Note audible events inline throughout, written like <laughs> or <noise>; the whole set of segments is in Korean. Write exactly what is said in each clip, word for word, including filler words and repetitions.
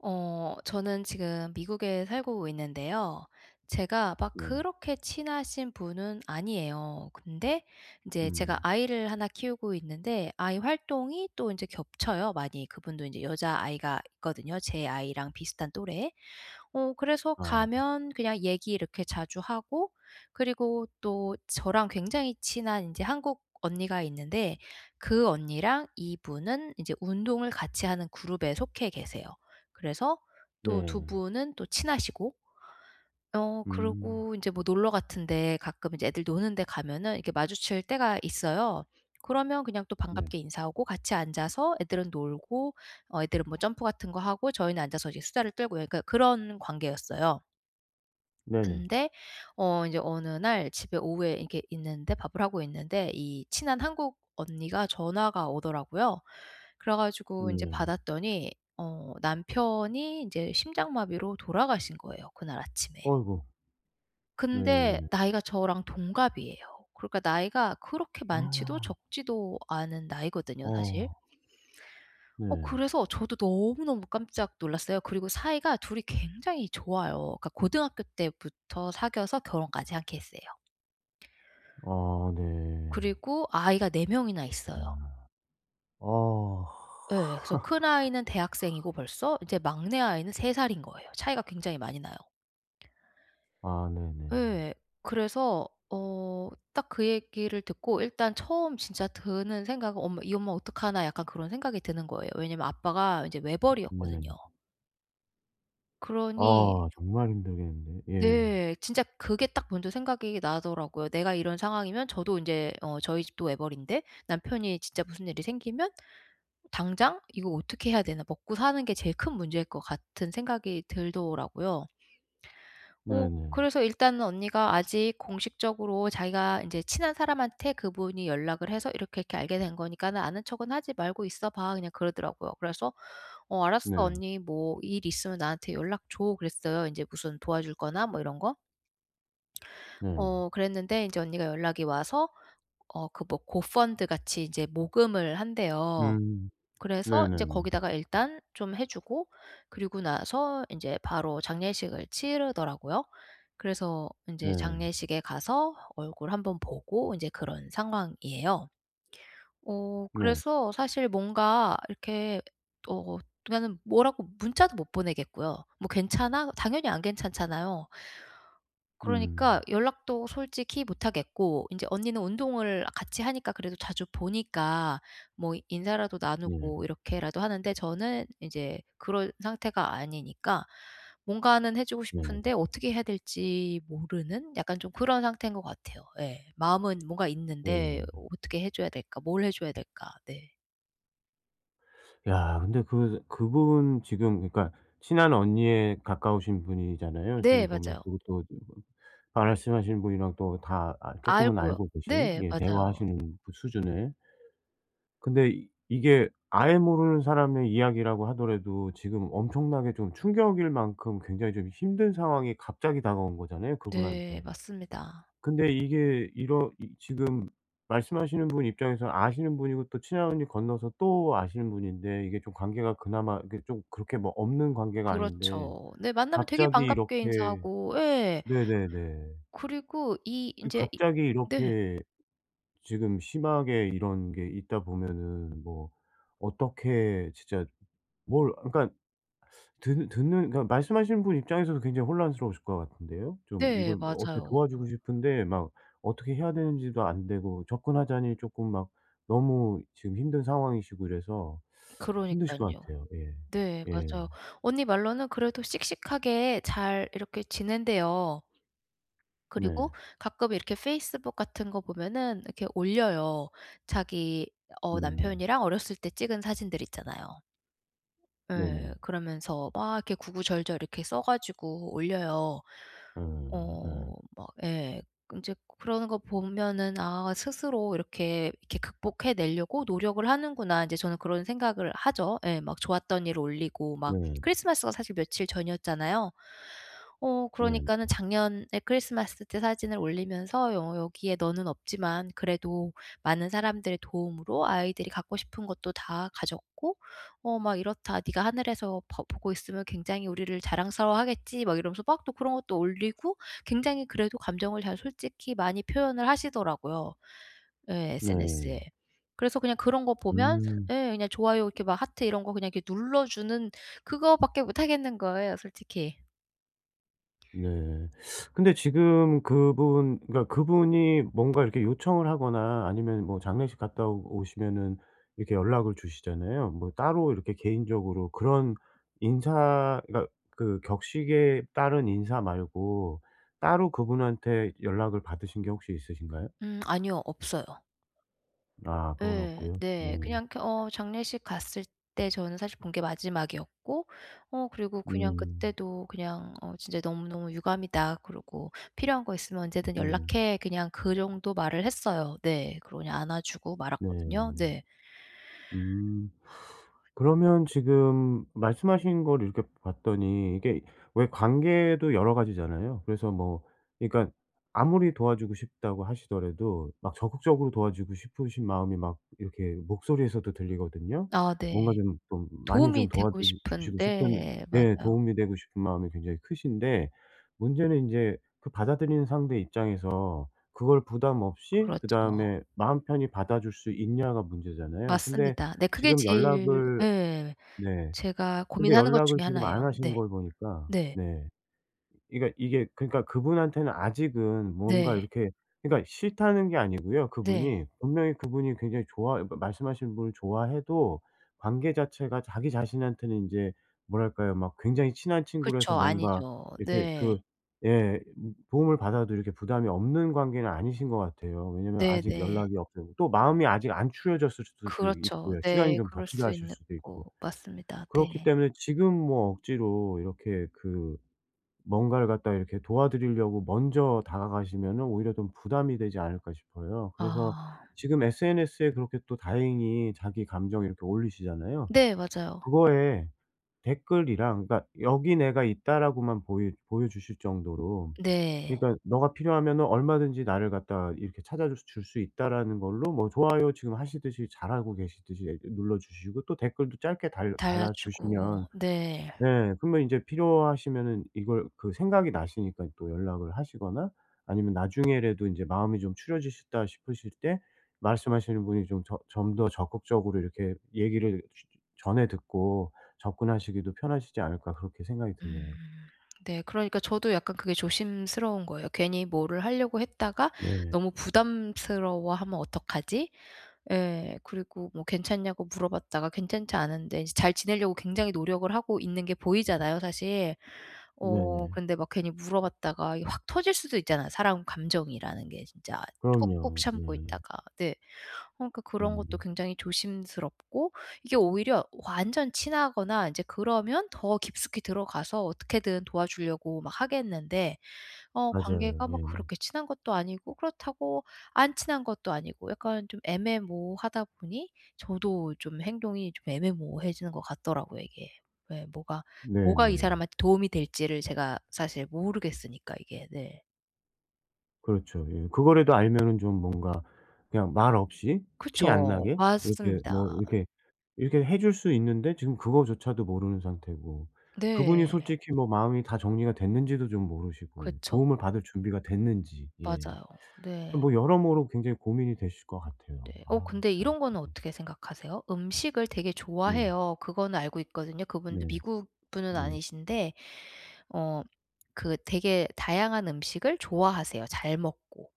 어 저는 지금 미국에 살고 있는데요. 제가 막 네. 그렇게 친하신 분은 아니에요. 근데 인제 제가 음. 아이를 하나 키우고 있는데 아이 활동이 또 인제 겹쳐요, 많이. 그분도 인제 여자아이가 있거든요, 제 아이랑 비슷한 또래. 어 그래서 아. 가면 그냥 얘기 이렇게 자주 하고 그리고 또 저랑 굉장히 친한 인제 한국 언니가 있는데 그 언니랑 이분은 인제 운동을 같이 하는 그룹에 속해 계세요. 그래서 또 두 네. 분은 또 친하시고. 어 음. 그러고 인제 뭐 놀러 같은 데 가끔 이제 애들 노는 데 가면은 이렇게 마주칠 때가 있어요. 그러면 그냥 또 네. 반갑게 인사하고 같이 앉아서 애들은 놀고 어 애들은 뭐 점프 같은 거 하고 저희는 앉아서 이제 수다를 떨고 약간 그런 관계였어요. 네네. 근데 어 인제 어느 날 집에 오후에 이렇게 있는데 밥을 하고 있는데 이 친한 한국 언니가 전화가 오더라고요. 그래 가지고 인제 네. 받았더니 어 남편이 인제 심장마비로 돌아가신 거예요, 그날 아침에. 아이고. 근데 네. 나이가 저랑 동갑이에요. 그러니까 나이가 그렇게 많지도 <gasps> 적지도 않은 나이거든요, 사실. 어. 어 네. 그래서 저도 너무너무 깜짝 놀랐어요. 그리고 사이가 둘이 굉장히 좋아요. 그러니까 고등학교 때부터 사귀어서 결혼까지 한 케이스예요. 아 네. 그리고 아이가 네 명이나 있어요. 이야. 아. 예. 그래서 큰 <laughs> 아이는 대학생이고 벌써 이제 막내 아이는 세 살인 거예요. 차이가 굉장히 많이 나요. 아 네네네. 예. 그래서 어 딱 그 얘기를 듣고 일단 처음 진짜 드는 생각은 엄마 '이 엄마 어떡하나 .'약간 그런 생각이 드는 거예요. 왜냐하면 아빠가 인제 외벌이었거든요. 네. 그러니 아 정말 힘들겠는데. 예. 네. 진짜 그게 딱 먼저 생각이 나더라고요. '내가 이런 상황이면' 저도 인제 어 저희 집도 외벌이인데 '남편이 진짜 무슨 일이 생기면 당장 이거 어떻게 해야 되나.' 먹고 사는 게 제일 큰 문제일 것 같은 생각이 들더라고요. 어 네네. 그래서 일단은 언니가 "아직 공식적으로 자기가 인제 친한 사람한테 그분이 연락을 해서 이렇게, 이렇게 알게 된 거니까는 아는 척은 하지 말고 있어 봐." 그냥 그러더라고요. 그래서 "어 알았어. 네. 언니 뭐 일 있으면 나한테 연락 줘." 그랬어요. 이제 무슨 도와줄 거나 뭐 이런 거. 네. 어 그랬는데 이제 언니가 연락이 와서 어 그 뭐 고펀드 같이 이제 모금을 한대요. 음. 그래서 이제 네네네. 거기다가 일단 좀 해 주고 그리고 나서 인제 바로 장례식을 치르더라고요. 그래서 인제 네. 장례식에 가서 얼굴 한 번 보고 이제 그런 상황이에요. 어 네. 그래서 사실 뭔가 이렇게 어 그니까는 뭐라고 문자도 못 보내겠고요. "뭐 괜찮아?" 당연히 안 괜찮잖아요. 음. 그러니까 연락도 솔직히 못 하겠고 인제 언니는 운동을 같이 하니까 그래도 자주 보니까 뭐 인사라도 네. 나누고 이렇게라도 하는데 저는 이제 그런 상태가 아니니까 뭔가는 해주고 네. 싶은데 어떻게 해야 될지 모르는 약간 좀 그런 상태인 것 같아요. 예. 마음은 뭔가 있는데 네. '어떻게 해줘야 될까? 뭘 해줘야 될까?' 네. 야 근데 그 그분 지금 그러니까 친한 언니의 가까우신 분이잖아요 네 지금 보면. 맞아요. 그것도 말씀하신 분이랑 또 다 아 쪼끔은 알고요. 알고 계신 네 예 맞아요. 대화하시는 그 수준의. 근데 이게 아예 모르는 사람의 이야기라고 하더라도 지금 엄청나게 좀 충격일 만큼 굉장히 좀 힘든 상황이 갑자기 다가온 거잖아요 네. 그분한테. 맞습니다. 근데 이게 이러 이 지금 말씀하시는 분 입장에서는 아시는 분이고 또 친한 언니 건너서 또 아시는 분인데 이게 좀 관계가 그나마 이게 좀 그렇게 뭐 없는 관계가 아닌데 그렇죠. 네 만나면 되게 갑자기 반갑게 이렇게 인사하고 예. 네네네. 그리고 이 이 인제 이 갑자기 네. 이렇게 지금 심하게 이런 게 있다 보면은 뭐 어떻게 진짜 뭘 그니까 듣 듣는 그니까 말씀하시는 분 입장에서도 굉장히 혼란스러우실 것 같은데요. 좀 네 이걸 어떻게 맞아요. 도와주고 싶은데 막 어떻게 해야 되는지도 안 되고 접근하자니 쪼끔 막 너무 지금 힘든 상황이시고 이래서 <sucks teeth> 힘드실 것 그러니깐요. 같아요. 예. 네 예. 맞아요. 언니 말로는 그래도 씩씩하게 잘 이렇게 지낸대요. 네. 그리고 가끔 이렇게 페이스북 같은 거 보면은 이렇게 올려요. 자기 어 음. 남편이랑 어렸을 때 찍은 사진들 있잖아요. 예. 네네. 그러면서 막 이렇게 구구절절 이렇게 써 가지고 올려요. 아. 어. 아. 막 예. 인제 그러는 거 보면은 '아 스스로 이렇게 이렇게 극복해 내려고 노력을 하는구나.' 이제 저는 그런 생각을 하죠. 예 막 좋았던 일 올리고 막 네. 크리스마스가 사실 며칠 전이었잖아요. 어 네. 그러니까는 작년에 크리스마스 때 사진을 올리면서 "어 여기에 너는 없지만 그래도 많은 사람들 도움으로 아이들이 갖고 싶은 것도 다 가졌고 어 막 이렇다. 네가 하늘에서 봐 보고 있으면 굉장히 우리를 자랑스러워하겠지." 막 이러면서 막 또 그런 것도 올리고 굉장히 그래도 감정을 잘 솔직히 많이 표현을 하시더라고요. 예 SNS에. 네. 그래서 그냥 그런 거 보면 음. 예 그냥 좋아요 이렇게 막 하트 이런 거 그냥 눌러주는 그거밖에 못 하겠는 거예요 솔직히. 네. <smacks lips> <sucks teeth> 근데 지금 그분 그니까 그분이 뭔가 이렇게 요청을 하거나 아니면 뭐 장례식 갔다 오시면은 이렇게 연락을 주시잖아요. 뭐 따로 이렇게 개인적으로 그런 인사 그니까 그 격식에 따른 인사 말고 따로 그분한테 연락을 받으신 게 혹시 있으신가요? 음 아니요. 없어요. 아 그건 예. 없고요. 네. 네. 그냥 이렇게 어 장례식 갔을 때 저는 사실 본 게 마지막이었고 어 그리고 그냥 음. 그때도 그냥 "어 진짜 너무너무 유감이다." 그러고 "필요한 거 있으면 언제든 네. 연락해." 그냥 그 정도 말을 했어요. 네. 그러고 그냥 안아 주고 네. 말았거든요. 네. 음 <sucks teeth> <inhales> <exhales> 그러면 지금 말씀하신 걸 이렇게 봤더니 이게 왜 관계도 여러 가지잖아요. 그래서 뭐 그러니까 아무리 도와주고 싶다고 하시더라도 막 적극적으로 도와주고 싶으신 마음이 막 이렇게 목소리에서도 들리거든요. 아 뭔가 네. 좀 좀 많이 좀 도움이 되고 도와드리 주시고 싶은 싶은데 예 맞아요. 도움이 되고 싶은 마음이 굉장히 크신데 문제는 인제 그 받아들이는 상대 입장에서 그걸 부담 없이 그렇죠. 그다음에 마음 편히 받아줄 수 있냐가 문제잖아요. 근데 맞습니다. 네. 그게 지금 제일 연락을 예 네 제가 근데 고민하는 것 연락을 중에 지금 안 하나예요. 하시는 네. 걸 보니까 네. 네 이가 이게 그니까 그분한테는 아직은 뭔가 네. 이렇게 그니까 싫다는 게 아니고요 네. 그분이. 분명히 그분이 굉장히 좋아 말씀하신 분을 좋아해도 관계 자체가 자기 자신한테는 인제 뭐랄까요 막 굉장히 친한 친구라서 그쵸. 뭔가 아니죠. 이렇게 네. 그 예 도움을 받아도 이렇게 부담이 없는 관계는 아니신 것 같아요. 왜냐하면 아직 네네. 연락이 없고 또 마음이 아직 안 추려졌을 수도 그렇죠. 있고요. 시간이 네. 좀 더 그럴 수 필요하실 있는 수도 거 있고. 맞습니다. 그렇기 네. 때문에 지금 뭐 억지로 이렇게 그 뭔가를 갖다가 이렇게 도와드리려고 먼저 다가가시면은 오히려 좀 부담이 되지 않을까 싶어요. 그래서 아. 지금 SNS에 이렇게 또 다행히 자기 감정 이렇게 올리시잖아요. 네. 맞아요. 그거에 댓글이랑 그러니까 '여기 내가 있다.'라고만 보이 보여 주실 정도로. 네. 그니까 '너가 필요하면은 얼마든지 나를 갖다 이렇게 찾아줄 수 있다.'라는 걸로 뭐 좋아요 지금 하시듯이 잘 하고 계시듯이 이 눌러 주시고 또 댓글도 짧게 달 달아 주시면 달아주고 네. 예 그러면 인제 필요하시면은 이걸 그 생각이 나시니까 또 연락을 하시거나 아니면 나중에라도 이제 '마음이 좀 추려지셨다.' 싶으실 때 말씀하시는 분이 좀 저 좀 더 적극적으로 이렇게 얘기를 쉬 전해 듣고 '접근하시기도 편하시지 않을까.' 그렇게 생각이 드네요. 음 네. 그러니까 저도 약간 그게 조심스러운 거예요. 괜히 뭐를 하려고 했다가 네. 너무 부담스러워하면 어떡하지? 예. 그리고 뭐 괜찮냐고 물어봤다가 괜찮지 않은데 인제 잘 지내려고 굉장히 노력을 하고 있는 게 보이잖아요 사실. 어 네네. 근데 막 괜히 물어봤다가 이게 확 터질 수도 있잖아요. 사람 감정이라는 게 진짜 꼭꼭 그럼요. 참고 예. 있다가. 네. 어 그러니까 그런 것도 네. 굉장히 조심스럽고 이게 오히려 완전 친하거나 인제 그러면 더 깊숙히 들어가서 어떻게든 도와주려고 막 하겠는데 어 맞아요. 관계가 막 예. 그렇게 친한 것도 아니고 그렇다고 안 친한 것도 아니고 약간 좀 애매모호하다 보니 저도 좀 행동이 좀 애매모호해지는 것 같더라고요 이게. 예 뭐가 뭐가 이 네네. 사람한테 도움이 될지를 제가 사실 모르겠으니까 이게. 네. 그렇죠. 예. 그거라도 알면은 좀 뭔가 그냥 말없이 티 안 그쵸. 나게 이렇게 뭐 맞습니다. 이렇게 이렇게 해 줄 수 있는데 지금 그거조차도 모르는 상태고 그분이 네. 솔직히 뭐 마음이 다 정리가 됐는지도 좀 모르시고 그쵸. 도움을 받을 준비가 됐는지 예. 맞아요. 이 네. 뭐 여러모로 굉장히 고민이 되실 것 같아요. 네. 어 아 근데 참. 이런 거는 어떻게 생각하세요? 음식을 되게 네. 좋아해요. 그거는 알고 있거든요. 그분도 네. 미국 분은 네. 아니신데 어 그 되게 다양한 음식을 좋아하세요, 잘 먹고.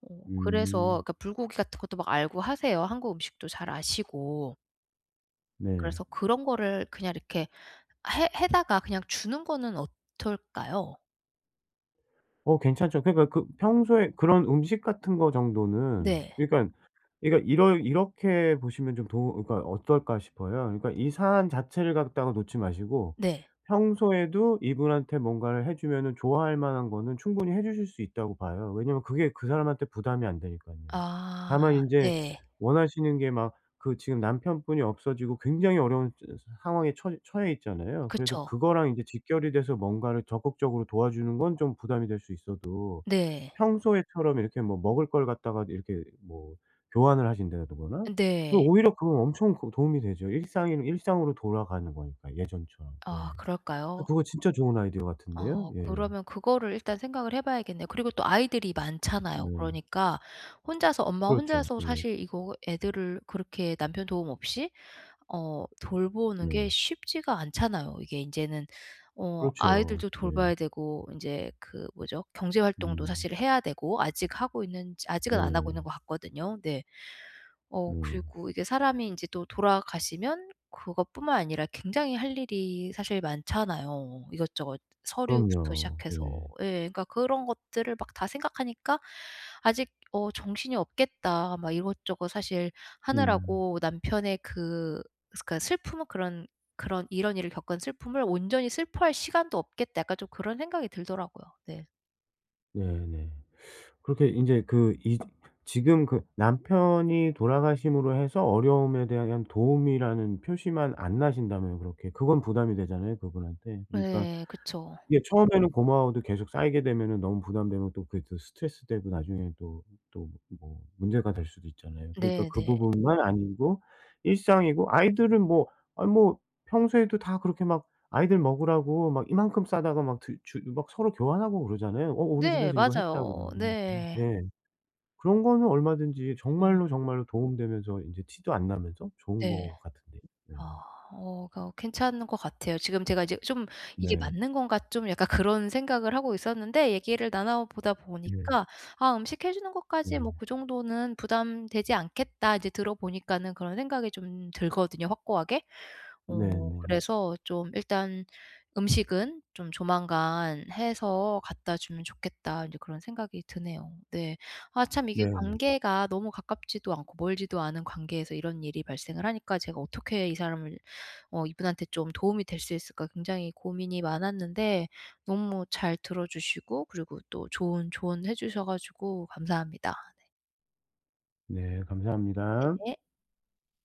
어 그래서 음. 그러니까 불고기 같은 것도 막 알고 하세요, 한국 음식도 잘 아시고. 네. 그래서 그런 거를 그냥 이렇게 해 해다가 그냥 주는 거는 어털까요? 어 괜찮죠. 그니까 그 평소에 그런 음식 같은 거 정도는 네. 그러니까 그러니까 '이러 이렇게 보시면 좀 도움 그니까 어떨까?' 싶어요. 그러니까 이 사안 자체를 갖다가 놓지 마시고 네. 평소에도 이분한테 뭔가를 해 주면은 좋아할 만한 거는 충분히 해 주실 수 있다고 봐요. 왜냐하면 그게 그 사람한테 부담이 안 되니깐요. 아 다만 인제 네. 원하시는 게 막 그 지금 남편분이 없어지고 굉장히 어려운 저 상황에 처 처해 있잖아요. 그래서 그쵸. 그거랑 인제 직결이 돼서 뭔가를 적극적으로 도와주는 건 좀 부담이 될 수 있어도 네. 평소에처럼 이렇게 뭐 먹을 걸 갖다가 이렇게 뭐 교환을 하신다 더거나 그 네. 오히려 그건 엄청 그 도움이 되죠. 일상인 일상으로 돌아가는 거니까 예전처럼. 예. 아 그럴까요? 그거 진짜 좋은 아이디어 같은데요? 어 예. 그러면 그거를 일단 생각을 해 봐야겠네요. 그리고 또 아이들이 많잖아요. 네. 그러니까 혼자서 엄마 그렇죠. 혼자서 예. 사실 이거 애들을 그렇게 남편 도움 없이 어 돌보는 게 네. 쉽지가 않잖아요. 이게 인제는 어 그렇죠. 아이들도 예. 돌봐야 되고 인제 그 뭐죠? 경제 활동도 음. 사실은 해야 되고 아직 하고 있는지 아직은 안 하고 있는 네. 것 같거든요. 네. 어 네. 그리고 이게 사람이 인제 또 돌아가시면 그것뿐만 아니라 굉장히 할 일이 사실 많잖아요, 이것저것 서류부터 그럼요. 시작해서. 네. 예. 그러니까 그런 것들을 막 다 생각하니까 '아직 어 정신이 없겠다. 막 이것저것 사실 음. 하느라고 남편의 그 그러니까 슬픔은 그런 그런 이런 일을 겪은 슬픔을 온전히 슬퍼할 시간도 없겠다.' 약간 좀 그런 생각이 들더라고요. 네. 네 네. 그렇게 인제 그 이 지금 그 남편이 돌아가심으로 해서 어려움에 대한 그냥 도움이라는 표시만 안 나신다면 그렇게 그건 부담이 되잖아요 그분한테. 그러니까 네. 그쵸. 예 처음에는 고마워도 계속 쌓이게 되면은 너무 부담되면 또 그게 또 스트레스 되고 나중에는 또, 또 뭐 문제가 될 수도 있잖아요. 그러니까 네 그 네. 부분만 아니고 일상이고 아이들은 뭐 아 뭐 평소에도 다 그렇게 막 아이들 먹으라고 막 이만큼 싸다가 막 드 주 막 서로 교환하고 그러잖아요. "어 우리 네 집에서 이거 했다."고 맞아요. 막 이러고. 네. 예. 그런 거는 얼마든지 음. 정말로, 정말로 도움 되면서 이제 티도 안 나면서 좋은 네. 것 같은데요. 예. 아 어 거 괜찮은 것 같아요. 지금 제가 이제 좀 '이게 네. 맞는 건가?' 좀 약간 그런 생각을 하고 있었는데 얘기를 나눠 보다 예. 보니까 '아 음식 해 주는 것까지 뭐 네. 그 정도는 부담되지 않겠다.' 이제 들어 보니까는 그런 생각이 좀 들거든요 확고하게. 어 네네. 그래서 좀 일단 '음식은 좀 조만간 해서 갖다 주면 좋겠다.' 인제 그런 생각이 드네요. 네. 아 참 이게 네네. 관계가 너무 가깝지도 않고 멀지도 않은 관계에서 이런 일이 발생을 하니까 '제가 어떻게 이 사람을 어 이분한테 좀 도움이 될 수 있을까?' 굉장히 고민이 많았는데 너무 잘 들어 주시고 그리고 또 좋은 조언해 주셔 가지고 감사합니다. 네. 네. 감사합니다. 네.